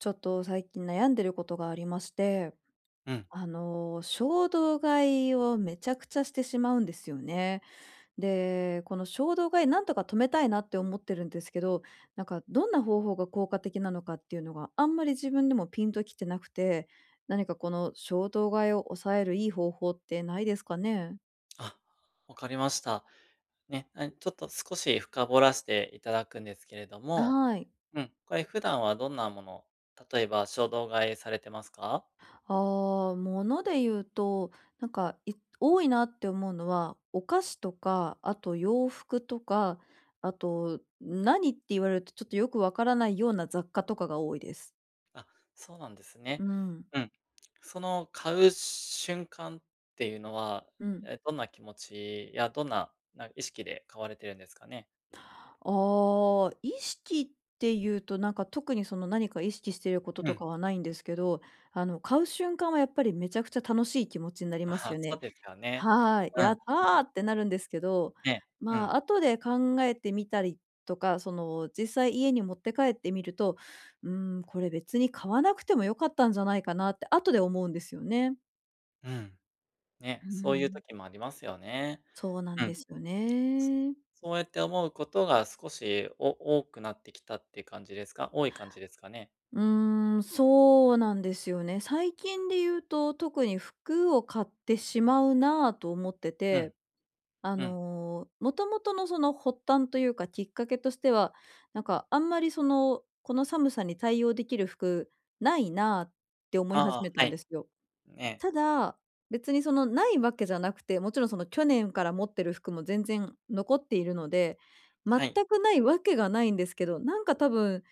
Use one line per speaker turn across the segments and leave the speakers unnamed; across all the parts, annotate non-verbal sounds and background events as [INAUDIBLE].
ちょっと最近悩んでることがありまして、
うん。
あの衝動買いをめちゃくちゃしてしまうんですよね。で、この衝動買いなんとか止めたいなって思ってるんですけど、なんかどんな方法が効果的なのかっていうのがあんまり自分でもピンときてなくて、何かこの衝動買いを抑えるいい方法ってないですかね？
あ、分かりました。ええ、ちょっと少し深掘らせていただくんですけれど
あ、
も、
はい。
うん、これ普段はどんなもの、例えば衝動買いされてますか？
ああ、物で言うと、なんか、い多いなって思うのは、お菓子とか、あと洋服とか、あと何って言われるとちょっとよくわからないような雑貨とかが多いです。
あ、そうなんです
う
ね。
ん。
うん、その買う瞬間っていうのは、
うん。
ええ、どんな気持ちやどんなな意識で買われてるんですかね？
ああ、意識っていうとなんか特にその何か意識していること
う
と
ん。
かはないんですけど、あの買う瞬間はやっぱりめちゃくちゃ楽しい気持ちになりま
あ
す
あ
よ
そ
ね。
うですよね。
はい。
うん
やった
う
ー！
ん。
ってなるんですけど、
ねえ、う
ま
ん。
あ後で考えてみたりとか、その、実際家に持って帰ってみると、うーんこれ別に買わなくても良かったんじゃないかなって後で思うんですよね。
うん、
う
ね、
ー
そういう
ん。
時もありますよね。
そうなん
うん。
ですよね。
そうやって思うことが少し、お多くなってきたって感じですか？多い感じですかね。
うーん、そうなんですよね。最近で言うと特に服を買ってしまうなあと思って
うん。
て、あ
うん。
の、もともとのその発端というかきっかけとしては、なんかあんまりその、この寒さに対応できる服ないなあって思い
あ
始
あ、
め
は
たん
い、
ですよ。
ねえ。
ただ、別にそのないわけじゃなくて、もちろんその去年から持ってる服も全然残っているので、全
はい。
くないわけがないんですけど、なんか多分好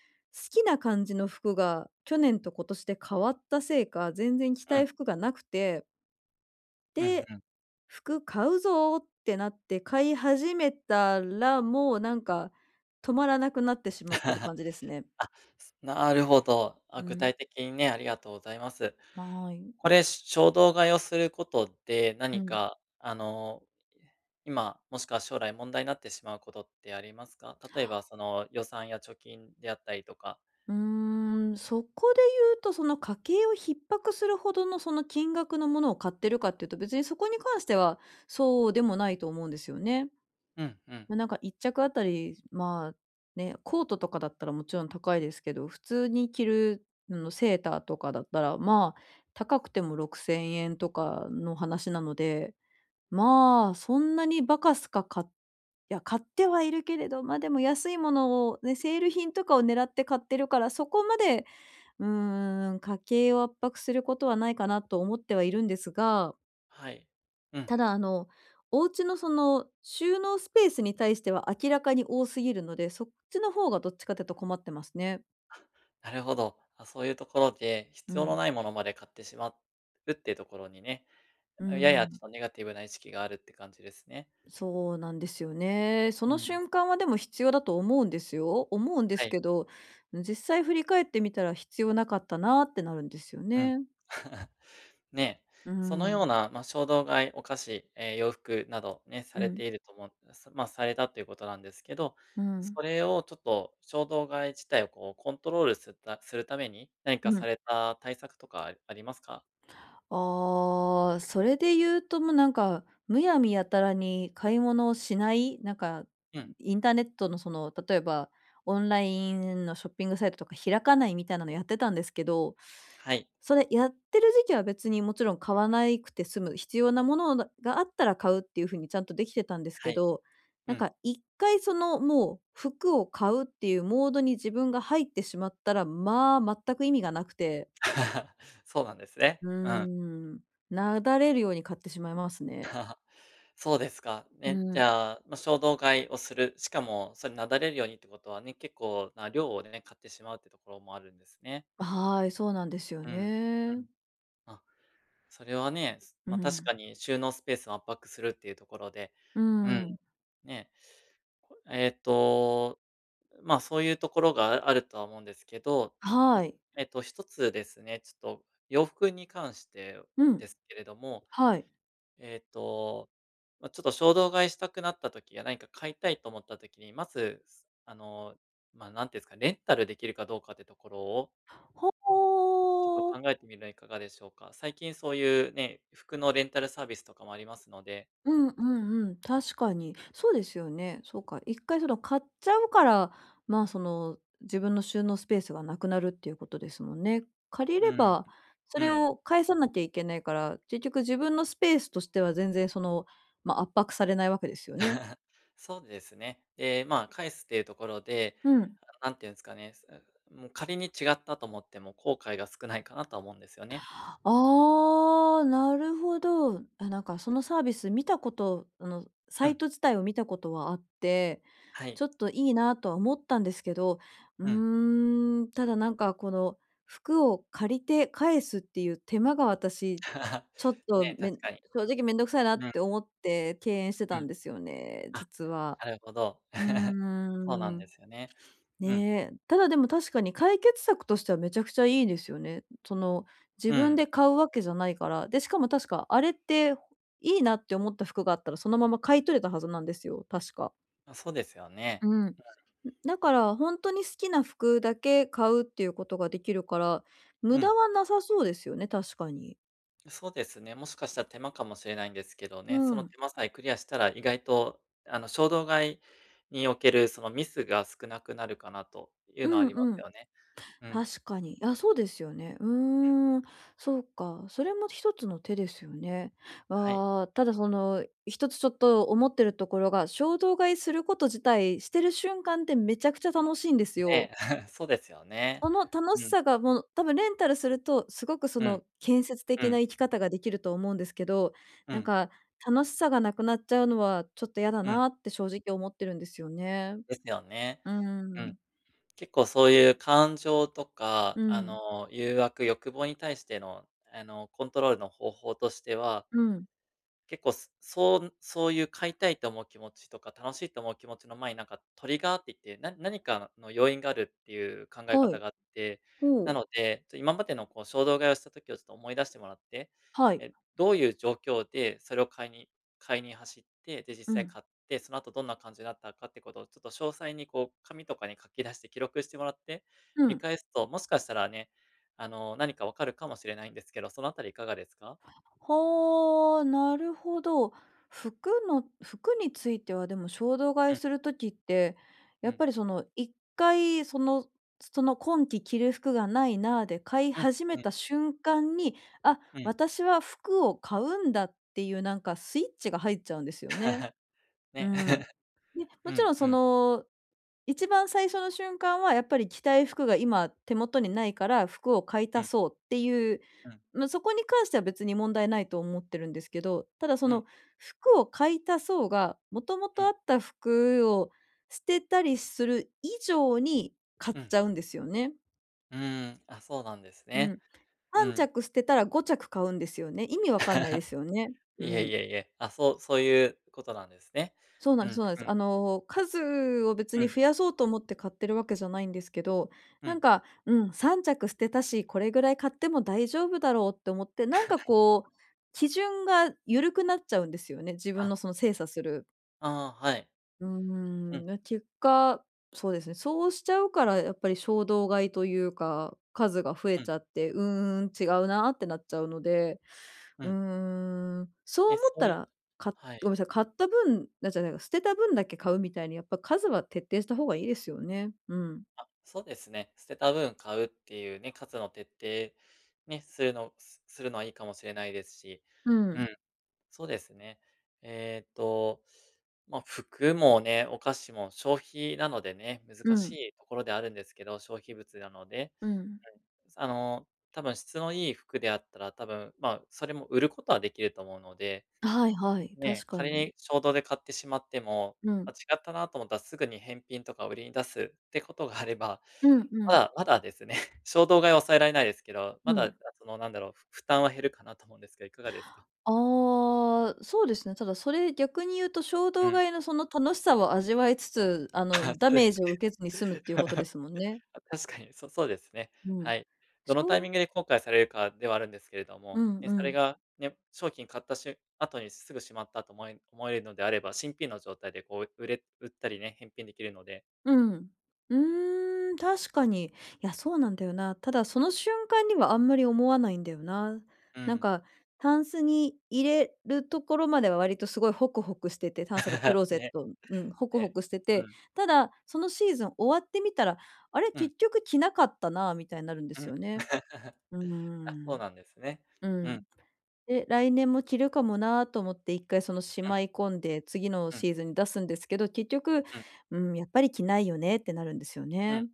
きな感じの服が去年と今年で変わったせいか、全然着
う
た
ん。
い服がなくて。
うん
で、
うん。
服買うぞってなって、買い始めたら、もうなんか止まらなくなってしまってる
[LAUGHS]
感じですね。
あ、なるほど。あ、
う
具
ん。
体的にね、ありがとうございます。
ま、あい。
これ衝動買いをすることで、
う
何
ん。
かあの、ええ、今、もしくは将来問題になってしまうことってありますか？例えばその予算や貯金であったりとか。
うーん、そこで言うとその家計を逼迫するほどのその金額のものを買ってるかっていうと、別にそこに関してはそうでもないと思うんですよね。
うんうん。
ま、なんか1着あたり、まあね、コートとかだったらもちろん高いですけど、普通に着る、の、セーターとかだったら、まあ高くても¥6000とかの話なので、まあそんなにバカスカかいや、買ってはいるけれど、ま、でも安いものをね、セール品とかを狙って買ってるからそこまで、うーん、家計を圧迫することはないかなと思ってはいるんですが。
はい、うん。
ただあの、お家のその収納スペースに対しては、明らかに多すぎるので、そっちの方がどっちかというと困ってますね。
[CHUCKLES] なるほど、あ、そういうところで、
う
必要の
ん。
ないものまで買ってしまうっていうところにね、
うー
ややちょっ
ん。
とネガティブな意識があるって感じですね。
そうなんですよね。そ
う
の
ん。
瞬間はでも必要だと思うんですよ。思うんで
は
す
い。
けど、実際振り返ってみたら必要なかったなってなるんですよ
うん。
ね。
[CHUCKLES] ね、
うー
その
ん。
ような、ま、衝動買い、お菓子、え、洋服などね、さ
う
れ
ん。
ていると思うさま、されたということなんですけど、
う
そ
ん。
れをちょっと衝動買い自体をこうコントロールするたするために、何か
うん。
された対策とかありますか？
ああ、それで言うともうなんか、むやみやたらに買い物をしない、なんか
うん。
インターネットのその、例えばオンラインのショッピングサイトとか開かないみたいなのやってたんですけど、
はい。
それやってる時期は別にもちろん買わないくて済む、必要なものがあったら買うっていうふうに、ちゃんとできてたんです
は
け
い、
ど、
う
なん
ん。
か1回そのもう服を買うっていうモードに自分が入ってしまったら、まあ、全く意味がなくて。
[CHUCKLES] そうなんですね。
うー
うん。
ん、なだれるように買ってしまいますね。
[LAUGHS] そうですか。
うー
ね、じ
ん。
ゃあ、ま、衝動買いをする、しかもそれ、なだれるようにってことはね、結構な量をね、買ってしまうっていうところもあるんですね。
あ、はい。そうなんですよ
うんう
ね。
ん。あ、それはね、
うー
ま、確
ん。
かに収納スペースを圧迫するっていうところで、
うー
うん、
ん。
ね。えっと、ま、そういうところがあるとは思うんですけど、はい、
はい。
えっと、1つですね、ちょっと洋服に関して
うん。
ですけれども、
はい。
えっと、ま、ちょっと衝動買いしたくなった時や何か買いたいと思った時に、まず、すあの、ま、なんていうんですか、レンタルできるかどうかっていうところを
ほ、
ちょっと
お
考
お。
えてみたらいかがでしょうか。最近そういうね、服のレンタルサービスとかもありますので。
うんうんうん。確かに。そうですよね。そうか。一回それを買っちゃうから、ま、その自分の収納スペースがなくなるっていうことですもんね。借り
う
れ
ん。
ば、そ
う
れ
ん。
を返さなきゃいけないから、結局自分のスペースとしては全然その、ま、圧迫されないわけですよね。
[LAUGHS] そうですね、で、ま、返すっていうところで、
うん。
[UNINTELLIGIBLE] なんて言うんすかね、うーん、うも、仮に違ったと思っても、後悔が少ないかなとは思うんですよね。
ああ、なるほど。やなんかそのサービス見たことあの、
う
サ
ん。
イト自体を見たことはあって、
はい。
ちょっといいなとは思ったんですけど、う
うん。
ーん、ただなんかこの、服を借りて返すっていう手間が私
[LAUGHS]
ちょっと
ね、確
め
かに。
正直面倒くさいなっ
うん。
て思って、敬遠して
う
た
ん。
んですよね、
あ。
実は。
なるほど、
うー
[CHUCKLES] そうなん
ん。
で
[SNIFFS]
すよね。うん。
ね。ただでも確かに解決策としてはめちゃくちゃいいですよね。その自
うん。
分で買うわけじゃないから。で、しかも確かあれっていいなって思った服があったら、そのまま買い取れたはずなんですよ、確か。
あ、そうですよ
う
ね、
ん、ん、
うん。
だから、ほんとに好きな服だけ買うっていうことができるから、
う
無
ん。
駄はなさそうですよね、確かに。
そうですね、もしかしたら、手間かもしれないんですけど
う
ね、その
ん。
手間さえクリアしたら意外と、あの、衝動買いにおける、その、ミスが少なくなるかなという
う
のはあ
ん
りま
う
す
ん。
よね。うん。
確かに。あ、そうですよね。う
うん。
ーん、そうか。それも一つの手ですよね。
はい。
ああ、ただその、一つちょっと、思ってるところが、衝動買いすること自体、してる瞬間ってめちゃくちゃ楽しいんですよ。
ね、[CHUCKLES] そうですよね、
この楽
う
し
ん。
さがもう、多分レンタルするとすごくそ
うん。
の、建設
う
的な
ん。
生き方ができると思うんですけど、
う
なん
ん。
か、楽しさがなくなっちゃうのは、ちょっと嫌だ
うん。
なって正直思ってるんですよね。
ですよね。
うー
うん。
ん。
結構、そういう感情と
う
か、あ
ん。
の、誘惑、欲望に対しての、あの、コントロールの方法としては
うん。
結構、すそんそういう、買いたいと思う気持ちとか、楽しいと思う気持ちの前に、なんか、トリガーって言って、な何かのの要因があるっていう考え
は
方
い。
があって、
ほ
な
う。
ので、ちょ今までのこう、衝動買いをした時をちょっと思い出してもらって、
はい。
え、どういう状況でそれを買いに買いに走って、で、実
う
際
ん。
買って、その後どんな感じだったかってことを、ちょっと詳細に、こう、紙とかに書き出して、記録してもらって、
う
見
ん。
返すと、もしかしたらね、あの、何か分かるかもしれないんですけど、そのあたりいかがですか？
はあ、なるほど。服の服については、でも、衝動買
う
い
ん。
する時って、
う
やっ
ん。
ぱりその、一回、そのその、「今季着る服がないな」で買い
うん、
始
う
め
ん。
た瞬間に、「あ、
うん。
私は服を買うんだ」っていうなんか、スイッチが入っちゃうんですよね。
[LAUGHS]
う
ね。
ん。
[LAUGHS]
で、も
う
ちろ
ん、
ん
う
そ
ん。
の、一番最初の瞬間は、やっぱり、「着たい服が今、手元にないから、服を買い
う
足
ん。
そう」っていう、
うん。
まあ、そこに関しては別に問題ないと思ってるんですけど、ただ、そ
うん。
の、「服を買い足そう」が、もとも
う
とあ
ん。
った服を捨てたりする以上に買っ
うん。
ちゃうんですよね。
うーん、あ、そうなんです
う
ね。
ん、
う
はんち
ん。
ゃく捨てたら、5着買うんですよね。意味わかんないですよね。
[LAUGHS] い
う
えい
ん。
えいえ、あ、そうそういうことなんですね。
そうな
う
んです
ん、
そうなんで
う
す。
ん。
あの、数を別
う
に
ん。
増やそうと思って買ってるわけじゃないんですけど、
う
なん
ん。
か、「うん、3着捨てたし、これぐらい買っても大丈夫だろう」って思って、なんか
[LAUGHS]
こう、基準が緩くなっちゃうんですよね、自分
あ。
のその、精査する。
ああ、はい。
うー
う
ん、
ん。
な結果、そうですね、そうしちゃうから、やっぱり衝動買いというか、数が増え
う
ち
ん。
ゃって「うーん、違うな」ってなっちゃうので。
う
うー
ん。
ん。そう
え、
思っ
そう
た
いう
ら、か
は
ごめん
い。
なさい、買った分な、じゃないか、捨てた分だけ買うみたいに、やっぱ数は徹底した方がいいですよね。うん。
あ、そうですね、捨てた分買うっていうね、数の徹底、ね、するのすするのはいいかもしれないですし
う
うん。
ん。
そうですね。ええと、まあ、服もね、お菓子も消費なのでね、
う
難し
ん。
いところであるんですけど、消費物なので
うん。
うん。あの、多分質のいい服であったら、多分まあ、それも売ることはできると思うので。
はいはい、確
ね、
か
仮
に。
に衝動で買ってしまっても、
う
ま
ん。
あ、違ったなと思ったらすぐに返品とか売りに出すってことがあれば、
うんう
ま
ん。
あ、まだですね、衝動買いを抑えられないですけど、ま
う
だ、あ、
ん。
そのなんだろう、ふ負担は減るかなと思うんですけど、いかがですか？
ああ、そうですね、ただそれ逆に言うと、衝
う
動
ん。
買いのその楽しさを味わいつつ、あの、
[LAUGHS]
ダ
そうで
メー
す
ジを
ね。
受けずに済むっていうことで
[LAUGHS]
すもんね。
あ、確かに、そそうですね、
うん。
はい。ど
し
のタイ
ょ
ミン
う
グで後悔されるかではあるんですけれど
う
も、
ん
ね、
う
それ
ん。
がね、商品買ったしゅん後にすぐしまったと思え思えるのであれば、新品の状態でこう売れ売ったりね、返品できるので。
うん。うーん、確かに。いや、そうなんだよな。ただ、その瞬間にはあんまり思わないんだよな。
う
なん
ん。
か、タンスに入れるところまでは、割とすごいホクホクしてて、タンスがクロー
[LAUGHS]
ゼッ
ね、
トうん、ホク
え
ホ
え、
クして
う
て、
ん。
ただ、そのシーズン終わってみたら「あれ？
うん。
結局着なかったな」みたいなるんで
う
す
ん。
よね。
[LAUGHS]
うー
あ、そう
ん。
なんですね。
う
う
ん。
ん。
で、来年も着るかもなと思って、一回そのし
うん。
まい込んで、次の
うん。
シーズンに出すんですけど、結局
うん。
「うーん、やっぱり着ないよね」ってなるんですよ
う
ね。
ん、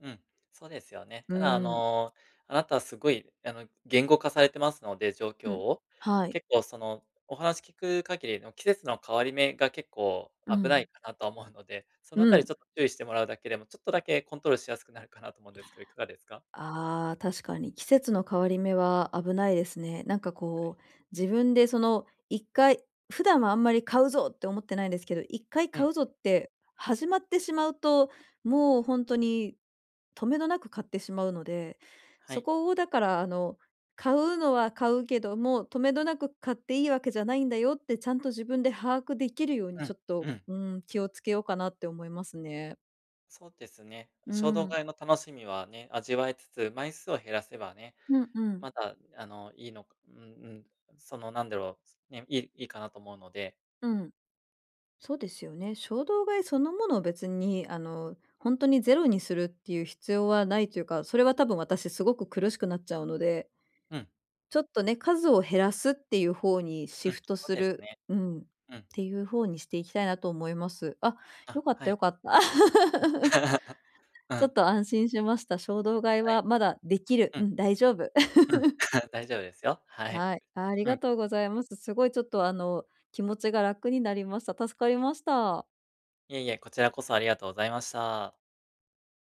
うん、そうですよね。
うー
ただあ
ん。
の、あなたはすごい、あの、言語化されてますので、状
う
況
ん、
を。
はい。
結構その、お話聞く限りの季節の変わり目が、結構
う
危な
ん。
いかなとは思うので、そのあ
う
たりち
ん。
ょっと注意してもらうだけでも、ちょっとだけコントロールしやすくなるかなと思うんですけど、いかがですか？
ああ、確かに、季節の変わり目は危ないですね。なんか
はい。
こう、自分でその一回、普段はあんまり「買うぞ！」って思ってないんですけど、一回
う
「買
ん。
うぞ！」って始まってしまうと、もうほんとにとめどなく買ってしまうので、
は
そ
い。
こをだから、あの、買うのは買うけども「とめどなく買っていいわけじゃないんだよ」ってちゃんと、自分で把握できるように
うん
ちょっと、
うん。
うーん、気をつけようかなって思いますね。
そうですね、
うー
衝動
ん。
買いの楽しみはね、味わえつつ、枚数を減らせばね、
うんうん。
まだ、あの、いいのかうんうん、そのなんだろう、ね、いいいかなと思うので。
うん。そうですよね。衝動買いそのものを別に、あの、ほんとにゼロにするっていう必要はないというか、それは多分私すごく苦しくなっちゃうので
うん。
ちょっとね、数を減らすっていう方にシ
うん、
フト
そう
す
です
る
ね。
うん。っ
うん。
ていう方にしていきたいなと思います。あ、
あ、
よかっ
は
た
い。
よかった。
うん。
[LAUGHS]
[LAUGHS] う
ちょっ
ん。
と安心しました。衝動買い
は
は
い。
まだできる、
う
う
ん。
ん、大丈夫。
うん、[LAUGHS] 大丈夫ですよ。
[LAUGHS]
はい。
はい、あり
うん。
がとうございます。すごいちょっと、あの、気持ちが楽になりました。助かりました。
いえいえ、こちらこそありがとうございました。